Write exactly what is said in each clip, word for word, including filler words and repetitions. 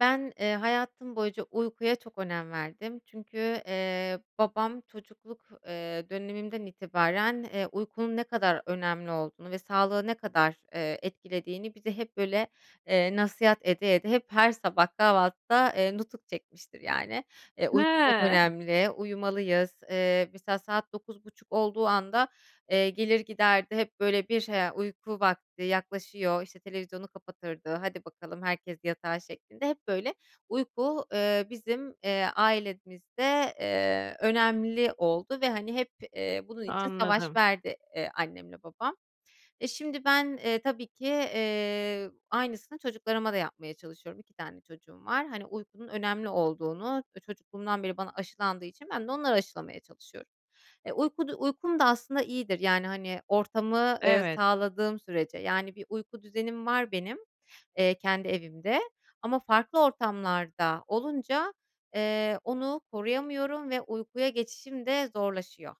Ben, eee, hayatım boyunca uykuya çok önem verdim. Çünkü, eee, babam çocukluk, eee, dönemimden itibaren, eee, uykunun ne kadar önemli olduğunu ve sağlığı ne kadar, eee, etkilediğini bize hep, böyle, eee, nasihat ede ede, hep her sabah kahvaltıda, eee, nutuk çekmiştir, yani. Eee, uyku çok He. önemli. Uyumalıyız. Eee, mesela saat dokuz buçuk olduğu anda, eee, gelir giderdi. Hep böyle bir [unintelligible] "ya, uyku vakti yaklaşıyor", işte, televizyonu kapatırdı, hadi bakalım, herkes yatağa şeklinde. Hep böyle uyku, eee, bizim, eee, ailemizde, eee, önemli oldu ve, hani, hep, eee, bunun için savaş Anladım. verdi, eee, annemle babam. E, şimdi ben, eee, tabii ki, eee, aynısını çocuklarıma da yapmaya çalışıyorum. iki tane çocuğum var. Hani, uykunun önemli olduğunu, eee, çocukluğumdan beri bana aşılandığı için ben de onlara aşılamaya çalışıyorum. Eee, uykudu uykum da aslında iyidir. Yani, hani, ortamı, eee, Evet. sağladığım sürece. Yani, bir uyku düzenim var benim, eee, kendi evimde ama farklı ortamlarda olunca, eee, onu koruyamıyorum ve uykuya geçişim de zorlaşıyor.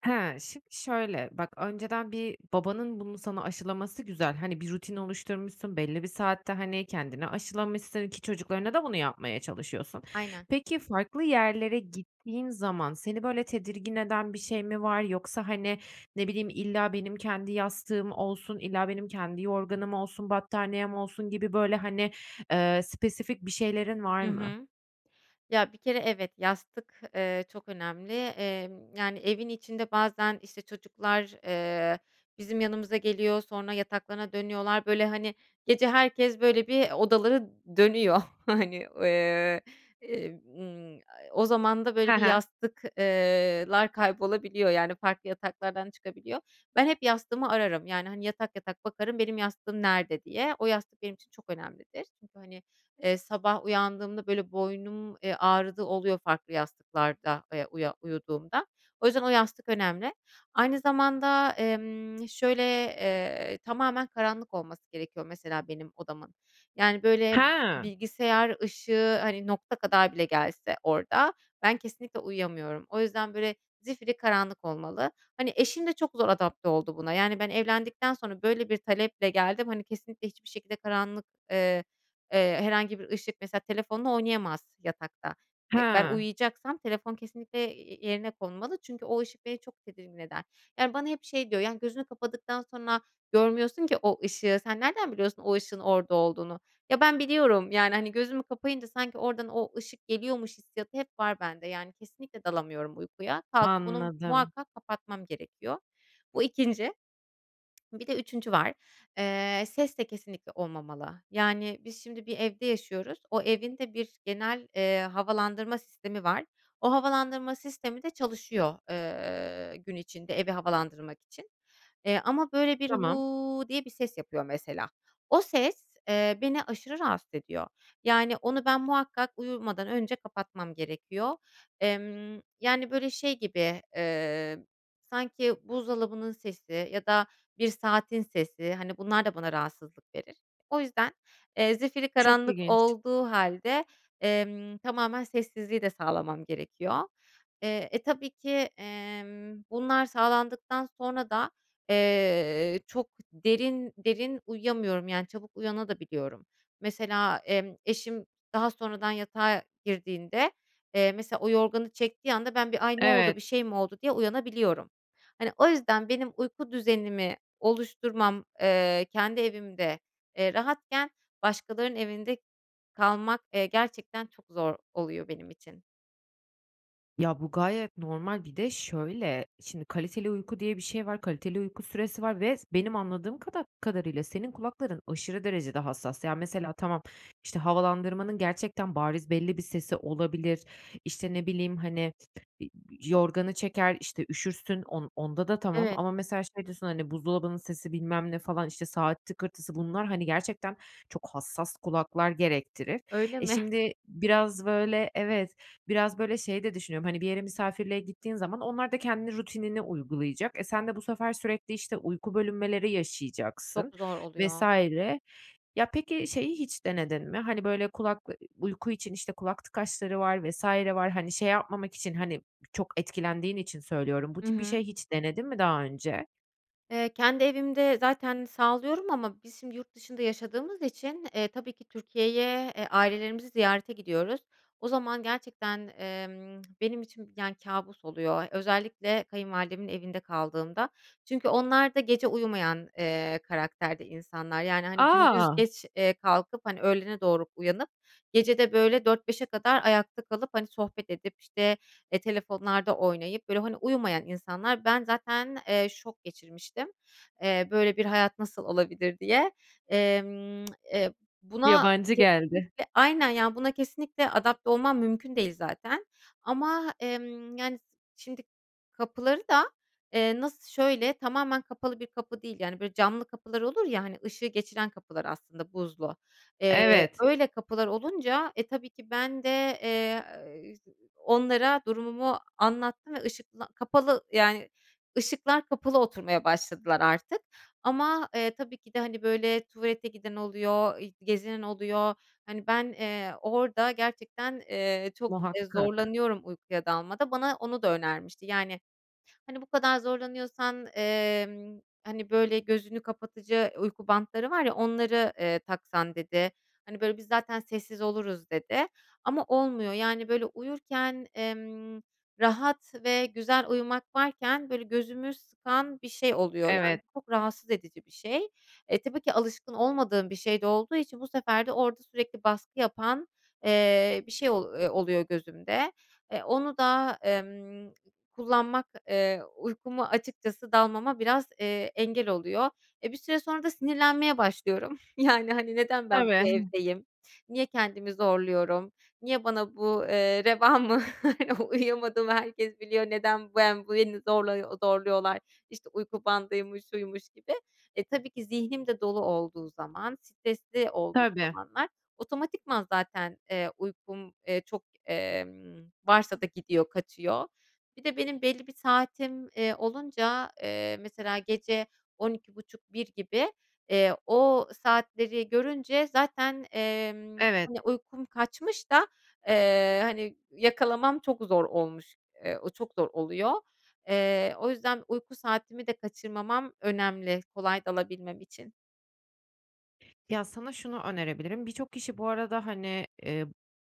Ha, şim şöyle bak önceden bir babanın bunu sana aşılaması güzel. Hani, bir rutin oluşturmuşsun belli bir saatte, hani, kendini aşılamışsın ki çocuklarına da bunu yapmaya çalışıyorsun. Aynen. Peki, farklı yerlere gittiğin zaman seni böyle tedirgin eden bir şey mi var? Yoksa, hani, ne bileyim, illa benim kendi yastığım olsun, illa benim kendi yorganım olsun, battaniyem olsun gibi böyle, hani, eee, spesifik bir şeylerin var Hı mı? hı. Ya, bir kere, evet, yastık, eee, çok önemli. Emm, yani, evin içinde bazen, işte, çocuklar, eee, bizim yanımıza geliyor. Sonra yataklarına dönüyorlar. Böyle, hani, gece herkes, böyle, bir odaları dönüyor. Hani, eee, ımm, a e o zaman da He böyle bir he. yastık eee, lar kaybolabiliyor. Yani, farklı yataklardan çıkabiliyor. Ben hep yastığımı ararım. Yani, hani, yatak yatak bakarım benim yastığım nerede diye. O yastık benim için çok önemlidir. Çünkü, hani, eee, sabah uyandığımda böyle boynum, eee, ağrıdığı oluyor farklı yastıklarda, eee, uya uyuduğumda. O yüzden o yastık önemli. Aynı zamanda, emm şöyle: Eee, tamamen karanlık olması gerekiyor mesela benim odamın. Yani, böyle, He. bilgisayar ışığı, hani, nokta kadar bile gelse orada ben kesinlikle uyuyamıyorum. O yüzden, böyle, zifirî karanlık olmalı. Hani, eşim de çok zor adapte oldu buna. Yani, ben evlendikten sonra böyle bir taleple geldim. Hani, kesinlikle hiçbir şekilde karanlık, eee, eee, herhangi bir ışık mesela telefonla oynayamaz yatakta. Eee, ben Hıı. uyuyacaksam telefon kesinlikle, eee, yerine konmalı çünkü o ışık beni çok tedirgin eder. Yani, bana hep şey diyor, yani, "Gözünü kapadıktan sonra görmüyorsun ki o ışığı. Sen nereden biliyorsun o ışığın orada olduğunu?" Ya ben biliyorum. Yani, hani, gözümü kapayınca sanki oradan o ışık geliyormuş hissiyatı hep var bende. Yani, kesinlikle dalamıyorum uykuya. Kalkıp onu Anladım. muhakkak kapatmam gerekiyor. Bu ikinci. Bir de üçüncü var. Eee, ses de kesinlikle olmamalı. Yani, biz şimdi bir evde yaşıyoruz. O evin de bir genel, eee, havalandırma sistemi var. O havalandırma sistemi de çalışıyor, eee, gün içinde evi havalandırmak için, eee, ama böyle bir Tamam. "hu" diye bir ses yapıyor mesela. O ses, eee, beni aşırı rahatsız ediyor. Yani, onu ben muhakkak uyumadan önce kapatmam gerekiyor. Emm, yani, böyle şey gibi, emm, sanki buzdolabının sesi ya da bir saatin sesi, hani, bunlar da bana rahatsızlık verir. O yüzden, eee, zifirî Çok karanlık ilginç. olduğu hâlde, emm, tamamen sessizliği de sağlamam gerekiyor. Eee, eee, tabii ki, emm, bunlar sağlandıktan sonra da, eee, çok derin, derin uyuyamıyorum. Yani çabuk uyana da biliyorum. Mesela, emm, eşim daha sonradan yatağa girdiğinde, eee, mesela o yorganı çektiği anda ben bir, "Ay, ne Evet. oldu, şey mi oldu?" diye uyanabiliyorum. Hani, o yüzden benim uyku düzenimi oluşturmam, eee, kendi evimde, eee, rahatken başkalarının evinde kalmak, eee, gerçekten çok zor oluyor benim için. Ya bu gayet normal. Bir de, şöyle, şimdi kaliteli uyku diye bir şey var, kaliteli uyku süresi var ve benim anladığım kada kadarıyla senin kulakların aşırı derecede hassas. Ya mesela tamam, işte, havalandırmanın gerçekten bariz belli bir sesi olabilir, işte, ne bileyim, hani, ııı, yorganı çeker, işte, üşürsün, on onda da tamam Evet. ama mesela şey diyorsun, hani, buzdolabının sesi, bilmem ne, falan, işte, saat tıkırtısı bunlar, hani, gerçekten çok hassas kulaklar gerektirir. Öyle E, mi? şimdi, biraz böyle evet, biraz böyle şeyi de düşünüyorum, hani, bir yere misafirliğe gittiğin zaman onlar da kendi rutinini uygulayacak. E, sen de bu sefer sürekli, işte, uyku bölünmeleri yaşayacaksın Çok zor vs. oluyor. Ya peki, şeyi hiç denedin mi? Hani, böyle, kulak [unintelligible] uyku için, işte, kulak tıkaçları var vs. var. Hani, şey yapmamak için, hani, çok etkilendiğin için söylüyorum. Bu Hı tip bir hı. şey hiç denedin mi daha önce? Eee, kendi evimde zaten sağlıyorum ama biz şimdi yurt dışında yaşadığımız için, eee, tabii ki Türkiye'ye, eee, ailelerimizi ziyarete gidiyoruz. O zaman gerçekten, emm benim için yani kâbus oluyor. Özellikle kayınvalidemin evinde kaldığımda. Çünkü onlar da gece uyumayan, eee, karakterde insanlar, yani, hani, gündüz A! geç, eee, kalkıp, hani, öğlene doğru uyanıp gece de, böyle, dört beşe kadar ayakta kalıp, hani, sohbet edip, işte, eee, telefonlarda oynayıp, böyle, hani, uyumayan insanlar. Ben zaten, eee, şok geçirmiştim. Eee, böyle bir hayat nasıl olabilir diye. Emm, eee, buna Yabancı geldi. kesinlikle, aynen, ya buna kesinlikle adapte olmam mümkün değil zaten ama, emm, yani, şimdi kapıları da, eee, nasıl, şöyle tamamen kapalı bir kapı değil. Yani böyle camlı kapılar olur ya, hani, ışığı geçiren kapılar aslında buzlu. Eee, Evet. öyle kapılar olunca, e, tabii ki ben de, eee [unintelligible] onlara durumumu anlattım ve ışıkla kapalı, yani, ışıklar kapalı oturmaya başladılar artık. Ama, eee, tabii ki de, hani, böyle tuvalete giden oluyor, ııı, gezinen oluyor. Hani, ben, eee, orada gerçekten, eee, çok Muhakkak. zorlanıyorum uykuya dalmada. Bana onu da önermişti. Yani, hani, bu kadar zorlanıyorsan, eee, hani, böyle gözünü kapatıcı uyku bantları var ya, "Onları, eee, taksan." dedi. Hani, "Biz zaten sessiz oluruz." dedi ama olmuyor. Yani, böyle uyurken, emm, rahat ve güzel uyumak varken böyle gözümü sıkan bir şey oluyor, yani. Evet. Bu çok rahatsız edici bir şey. E, tabii ki alışkın olmadığım bir şey de olduğu için bu sefer de orada sürekli baskı yapan, eee, bir şey ol oluyor gözümde. Eee, onu da, emm kullanmak, eee, uykumu açıkçası dalmama biraz, eee, engel oluyor. Eee, bir süre sonra da sinirlenmeye başlıyorum. Yani, hani, "Neden ben bu [unintelligible] evdeyim? Niye kendimi zorluyorum? Niye bana bu, eee, reva mı, uyuyamadığımı herkes biliyor. Neden ben bu beni zorla zorluyorlar? İşte, uyku bandıymış, şuymuş gibi." E, tabii ki zihnim de dolu olduğu zaman, stresli olduğum Tabii. zamanlar otomatikman zaten, eee, uykum, eee, çok, eee, varsa da gidiyor, kaçıyor. Bir de benim belli bir saatim, eee, olunca, eee, mesela gece on iki buçuk bir gibi, eee, o saatleri görünce zaten, emm, Evet. hani, uykum kaçmış da, eee, hani, yakalamam çok zor olmuş. Eee, o çok zor oluyor. Eee, o yüzden uyku saatimi de kaçırmamam önemli, kolay dalabilmem için. Ya, sana şunu önerebilirim, birçok kişi bu arada, hani Eee,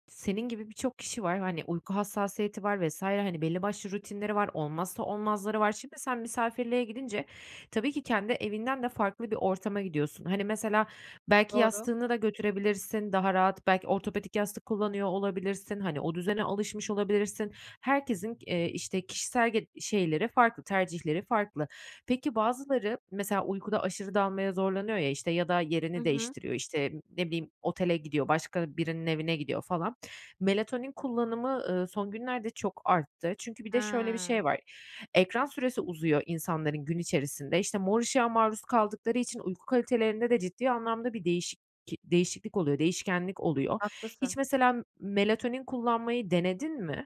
senin gibi birçok kişi var, hani, uyku hassasiyeti var vs. hani, belli başlı rutinleri var, olmazsa olmazları var. Şimdi sen misafirliğe gidince tabii ki kendi evinden de farklı bir ortama gidiyorsun. Hani, mesela, belki Doğru. yastığını da götürebilirsin daha rahat, belki ortopedik yastık kullanıyor olabilirsin, hani, o düzene alışmış olabilirsin. Herkesin g eee, işte, kişisel ge şeyleri farklı, tercihleri farklı. Peki, bazıları, mesela, uykuda aşırı dalmaya zorlanıyor ya, işte, ya da Hı yerini hı. değiştiriyor, işte, ne bileyim, otele gidiyor, başka birinin evine gidiyor falan. Melatonin kullanımı, ııı, son günlerde çok arttı. Çünkü bir de şöyle bir şey He. var, ekran süresi uzuyor insanların gün içerisinde. İşte, mor ışığa maruz kaldıkları için uyku kalitelerinde de ciddi anlamda bir değişik ki değişiklik oluyor, değişkenlik oluyor. Hiç Haklısın. mesela m melatonin kullanmayı denedin mi?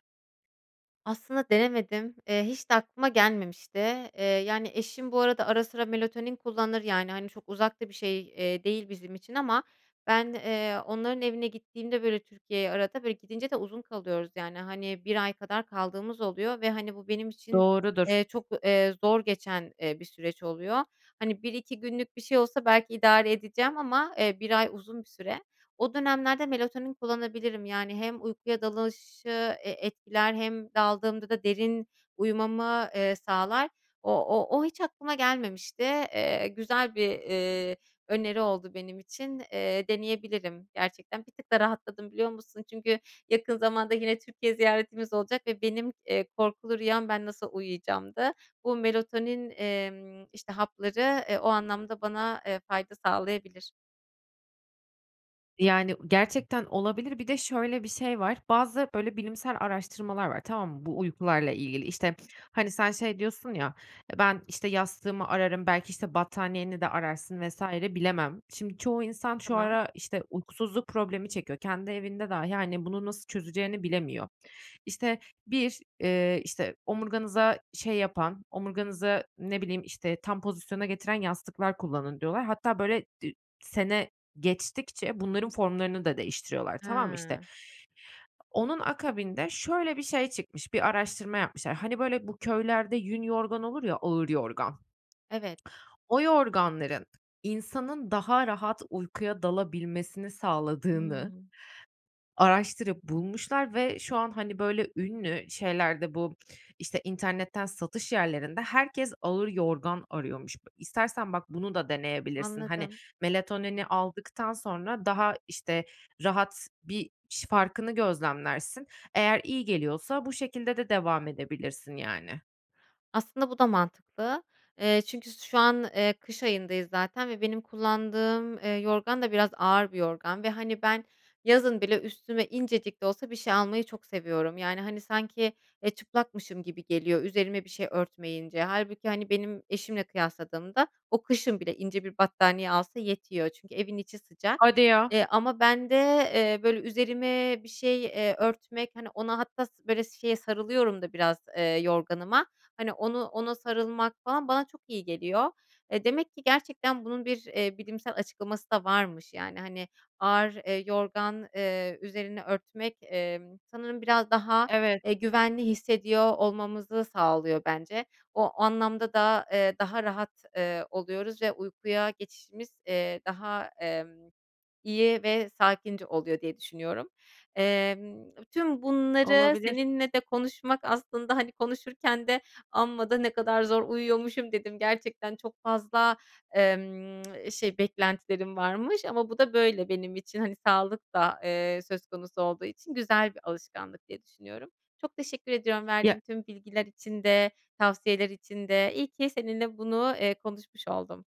Aslında denemedim. Eee, hiç de aklıma gelmemişti. Eee, yani, eşim bu arada ara sıra melatonin kullanır. Yani, hani, çok uzak da bir şey, eee, değil bizim için ama ben, eee, onların evine gittiğimde, böyle, Türkiye'ye arada böyle, gidince de uzun kalıyoruz, yani, hani, bir ay kadar kaldığımız oluyor ve, hani, bu benim için, Doğrudur. eee, çok, eee, zor geçen, eee, bir süreç oluyor. Hani, bir iki günlük bir şey olsa belki idare edeceğim ama, eee, bir ay uzun bir süre. O dönemlerde melatonin kullanabilirim. Yani hem uykuya dalışı e etkiler hem daldığımda da derin uyumamı, eee, sağlar. O o o hiç aklıma gelmemişti. Eee, güzel bir, eee, öneri oldu benim için. Eee, deneyebilirim gerçekten. Bir tık da rahatladım biliyor musun? Çünkü yakın zamanda yine Türkiye ziyaretimiz olacak ve benim, eee, korkulu rüyam ben nasıl uyuyacağımdı. Bu melatonin, emm, işte, hapları, eee, o anlamda bana, eee, fayda sağlayabilir. Yani, gerçekten olabilir. Bir de şöyle bir şey var. Bazı, böyle, bilimsel araştırmalar var, tamam mı? Bu uykularla ilgili. İşte, hani, sen şey diyorsun ya, eee, "Ben işte yastığımı ararım, belki, işte, battaniyeni de ararsın vs." bilemem. Şimdi çoğu insan şu Tamam. ara, işte, uykusuzluk problemi çekiyor, kendi evinde dahi, hani, bunu nasıl çözeceğini bilemiyor. İşte, bir, eee, işte omurganıza şey yapan, omurganızı, ne bileyim, işte, tam pozisyona getiren yastıklar kullanın diyorlar. Hatta, böyle, dü sene geçtikçe bunların formlarını da değiştiriyorlar, tamam mı? İşte, Hıı. onun akabinde şöyle bir şey çıkmış, bir araştırma yapmışlar. Hani, böyle, bu köylerde yün yorgan olur ya, ağır yorgan. Evet. O yorganların insanın daha rahat uykuya dalabilmesini sağladığını Hıı. araştırıp bulmuşlar ve şu an, hani, böyle, ünlü şeylerde bu, işte, internetten satış yerlerinde herkes ağır yorgan arıyormuş. İstersen, bak, bunu da deneyebilirsin. Hani, Anladım. melatonini aldıktan sonra daha, işte, rahat bir şi farkını gözlemlersin. Eğer iyi geliyorsa bu şekilde de devam edebilirsin, yani. Aslında bu da mantıklı. Eee, çünkü su şu an, eee, kış ayındayız zaten ve benim kullandığım, eee, yorgan da biraz ağır bir yorgan ve, hani, ben yazın bile üstüme incecik de olsa bir şey almayı çok seviyorum. Yani, hani, sanki, eee, çıplakmışım gibi geliyor, üzerime bir şey örtmeyince. Hâlbuki, hani, benim eşimle kıyasladığımda o kışın bile ince bir battaniye alsa yetiyor. Çünkü evin içi sıcak, Hadi ya. eee, ama ben de, eee, böyle üzerime bir şey, eee, örtmek, hani ona hatta sı böyle şeye sarılıyorum da biraz. Eee, yorganıma, hani onu ona sarılmak falan bana çok iyi geliyor. Eee, demek ki gerçekten bunun bir, eee, bilimsel açıklaması da varmış. Yani, hani, ağır, eee, yorgan, eee, üzerini örtmek, emm, sanırım biraz daha, Evet. eee, güvenli hissediyor olmamızı sağlıyor bence. O anlamda da, eee, daha rahat, eee, oluyoruz ve uykuya geçişimiz, eee, daha, emm, iyi ve sakince oluyor diye düşünüyorum. Emm, tüm bunları Olabilir. seninle de konuşmak aslında, hani, konuşurken de "Amma da ne kadar zor uyuyormuşum." dedim. Gerçekten çok fazla, emm şey beklentilerim varmış ama bu da böyle benim için. Hani, sağlık da, eee, söz konusu olduğu için güzel bir alışkanlık diye düşünüyorum. Çok teşekkür ediyorum verdiğin Ya. tüm bilgiler için de, tavsiyeler için de. İyi ki seninle bunu, eee, konuşmuş oldum.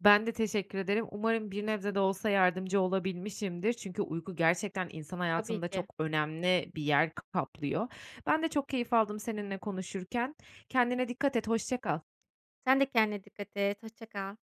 Ben de teşekkür ederim. Umarım bir nebze de olsa yardımcı olabilmişimdir çünkü uyku gerçekten insan Tabii hayatında ki. çok önemli bir yer kaplıyor. Ben de çok keyif aldım seninle konuşurken, kendine dikkat et, hoşça kal. Sen de kendine dikkat et, hoşça kal.